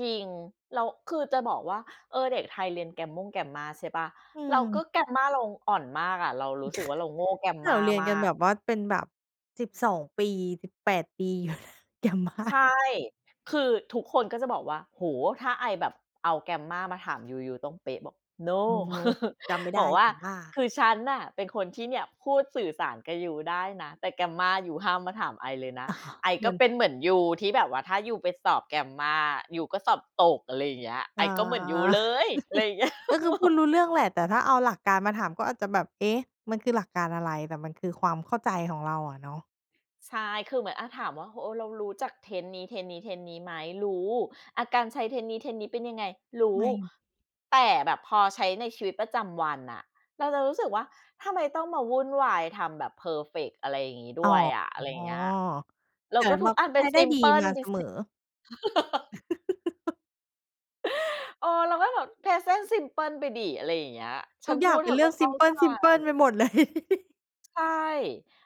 จริง แล้ว คือจะบอกว่า เออ เด็กไทยเรียนแกรมมง Grammar ใช่เปล่า? อืแล้วก็ ม Grammar เราอ่อนมากอะ เรารู้สึกว่าเราโง่ เราGrammar เรียนมากันแบก บว่า เป็นแบบ 12 ปี 18 ปี ใGrammar ช่ คือทุกคนก็จะบอกว่า โอ้ ถ้าไอแบบเอา Grammar มาถามยู ยูต้องเป๊ะบอก No No No จำไม่ไบด้ อกว่แตา ่ว่า "คือฉันน่ะเป็นคนที่เนี่ย พูดสื่อสารกับยูได้นะ แต่ Grammar ยูห้ามมาถามไอเลยนะ อ๋อ ไอเหกมื็อน เป็นเหมือนยูที่แบบว่า ถ้ายูไปสอบ Grammar ยูก็สอบตก" อะไรอย่างเงี้ย "ไออ๋อ ก็เหมือนยูเลย" อะไรอย่างเงี้ย ก็คือพแบูดบ รู้เรื่องแหละ แต่ถ้าเอาหลักการมาถามก็อาจจะแบบ "เอ๊ะ มันคือหลักการอะไร?" แต่มันคือความเข้าใจของเราอะเนาะ ใช่ คือเหมือนอะถามว่า เออ เรารู้จัก Tense นี้ Tense นี้ Tense นี้ไหม? รู้ อะ การใช้ Tense นี้ Tense นี้เป็นยังไง? รูไ้ ม่มี แต่แบบพอใช้ในชีวิตประจำวันอะ เราจะรู้สึกว่า "ทำไมต้องมาวุ่นวาย ทำแบบเพอร์เฟกต์ อะไรงี้อด๋้อ วยอะ?" อะไรอย่างเงี้ย แล้วก็แต่มันก็ใช้ได้ดีมาเสมอ ทุกอันเป็น ซิมเพิล ไปสิ เออ เราก็แบบ Present simple ไปสิ อะไรอย่างเงี้ย ฉทัุนกพอยู่างดเเปธ็นอเรืก่็อง เขซิ้ามเพใจ ิล ๆ ไปหมด เลย ใช่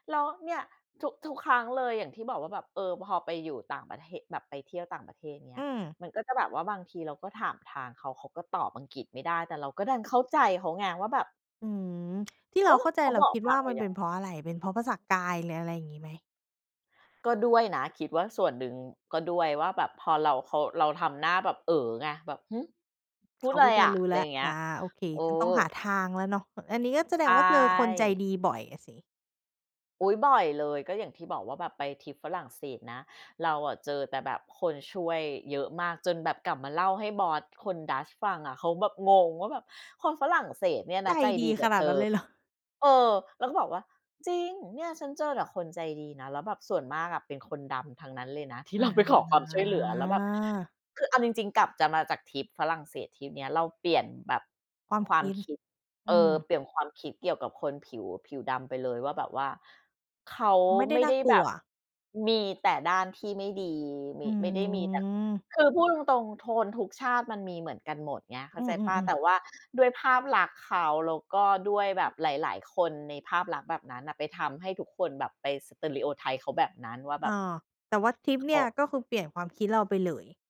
แล้วเนี่ย ทุก ทุกครั้งเลย อย่างที่บอกว่าแบบ เออ พอไปอยู่ต่างประเทศ แบบไปเที่ยวต่างประเทศเงีอ้ืย ม มันก็จะแบบว่า บางทีเราก็ถามทางเขา เขาก็ตอบอังกฤษไม่ได้ แต่เราก็ดันเข้าใจเขาไงว่าแบบ อืม ที่โเอรา้! เข้าใจ เขาเราบอกคิดทวา่งาเรามันยเัป็นง เพราะอะไร เป็นเพราะภาษากาย หรืออะไรอย่างงี้ไหม? ก็ด้วยนะ คิดว่าส่วนหนึ่งก็ด้วยว่าแบบพอเรา เขา เราทำหน้าแบบเอ๋อไง แบบ "หือ พูเขดาไรก็จะอะ?" รู้อะไแลร้อว ย่างเงี้อ่ย า โอเค เอฉันต้ออ งหาทางแล้วเนาะ อันนี้ก็แสดใชงว่าเจอคนใจ่ ดีบ่อยอะสิ อุ๊ย บ่อยเลย ก็อย่างที่บอกว่าแบบไปทริปฝรั่งเศสนะ เราอะเจอแต่แบบคนช่วยเยอะมากจนแบบกลับมาเล่าให้บอสคนดัตช์ฟังอะ เขาแบบงงว่าแบบ "คนฝรั่งเศสเนี่ยในจะใจดดีีกขับนาเธดนั้อ" นเลย เหรอ? เออ เราก็บอกว่า "จริง เนี่ยฉันเจอแต่คนใจดีนะ แล้วแบบส่วนมากอะเป็นคนดำทั้งนั้นเลยนะ" ที่อ๋เราไปขอความช่วยเหลือ แล้วแบบ อ คือเอาจริง ๆ กลับจะ มาจากทริปฝรั่งเศสทริปเนี้ยเราเปลี่ยนแบบ ความควคามิด คิด อเอือ ม เปลี่ยนความคิดเกี่ยวกับคนผิว ผิวดำไปเลยว่าแบบว่า เขาไม่ไดไ้ม่น่ไาด้กลแบัว บ มีแต่ด้านที่ไม่ดี มอี ืไม่ได้มีแต่ ม คือพูดตรง ๆ โทนทุกชาติมันมีเหมือนกันหมดไง เข้อาืใจเปล่า อ แๆ ตๆ ่ว่าด้วยภาพลักษณ์เขา แล้วก็ด้วยแบบหลาย ๆ คนในภาพลักษณ์แบบนั้นน่ะไปทำให้ทุกคนแบบไป Stereotype เขาแบบนั้นว่าแบอ้อ บ แต่ว่าทริปเนเขี่ย า ก็คือเปลี่ยนความคิดเราไปเลย